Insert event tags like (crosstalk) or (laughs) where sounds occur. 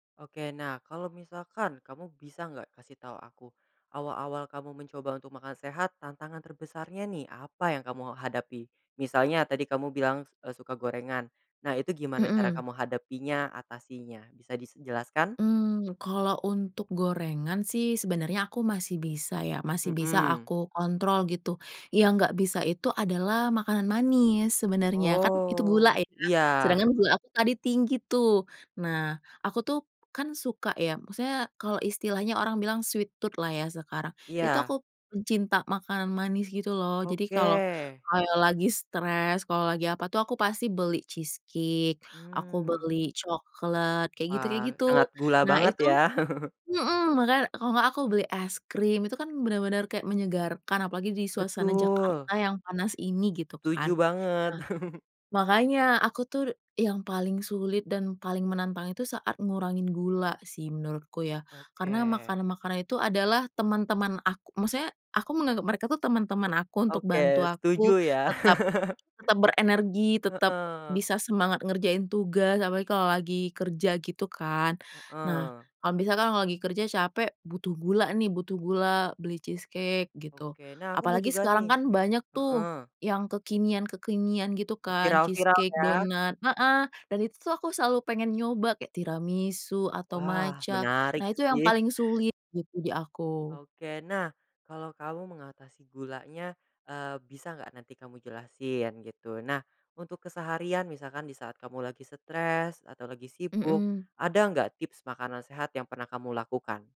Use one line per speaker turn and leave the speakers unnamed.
Oke nah, kalau misalkan kamu bisa nggak kasih tahu aku awal-awal kamu mencoba untuk makan sehat tantangan terbesarnya nih apa yang kamu hadapi? Misalnya tadi kamu bilang s eee, suka gorengan. Nah, itu gimana cara
Mhm.
kamu hadapinya atasinya bisa dis jelaskan?
Hmm, kalau untuk gorengan sih sebenarnya aku masih bisa ya, masih bisa
Mhm.
aku kontrol gitu, yang gak bisa itu adalah makanan manis sebenarnya kan itu
Oh,
gula ya.
iya.
Sedangkan gula aku tadi tinggi tuh. Nah, aku tuh kan suka ya maksudnya kalau istilahnya orang bilang sweet tooth lah ya sekarang itu
Iya.
aku pencinta makanan manis gitu loh jadi
Oke.
kalau kalau lagi stres kalau lagi apa tuh aku pasti beli cheese cake, aku
Hmm.
beli coklat, kayak gitu
Wah,
kayak gitu.
sangat gula
Nah,
banget
itu,
ya. (laughs)
mhm, makanya, kalau enggak aku beli es krim itu kan benar-benar kayak menyegarkan apalagi di suasana
Betul.
Jakarta yang panas ini gitu
Setuju
kan.
banget.
Nah,
(laughs)
makanya aku tuh yang paling sulit dan paling menantang itu saat ngurangin gula sih menurutku ya. Karena
Oke.
makanan-makanan itu adalah teman-teman ak maksudnya aku menganggap mereka tuh teman-teman aku untuk bantu
Oke,
aku
setuju ya.
tetap
(laughs)
tetap berenergi tetap
Heeh.
bisa semangat ngerjain tugas apalagi kalau lagi kerja gitu kan. Nah,
Heeh.
kalau misalkan kalau lagi kerja capek butuh gula nih butuh gula beli cheese cake gitu,
Oke, nah aku mau
apalagi
juga
sekarang
nih
kan banyak tuh
heeh.
yang kekinian-kekinian gitu kan
Viral
cheese
viral
cake,
ya.
donat, heeh, dan itu tuh aku selalu pengen nyoba kayak tiramisu atau
Wah,
matcha
menarik
nah itu yang
sih.
paling sulit gitu di aku.
Oke nah, kalau kamu mengatasi gulanya, eee, bisa nggak nanti kamu jelasin gitu. Nah, untuk keseharian misalkan disaat kamu lagi stress atau lagi sibuk
Mhm.
ada nggak tips makanan sehat yang pernah kamu lakukan?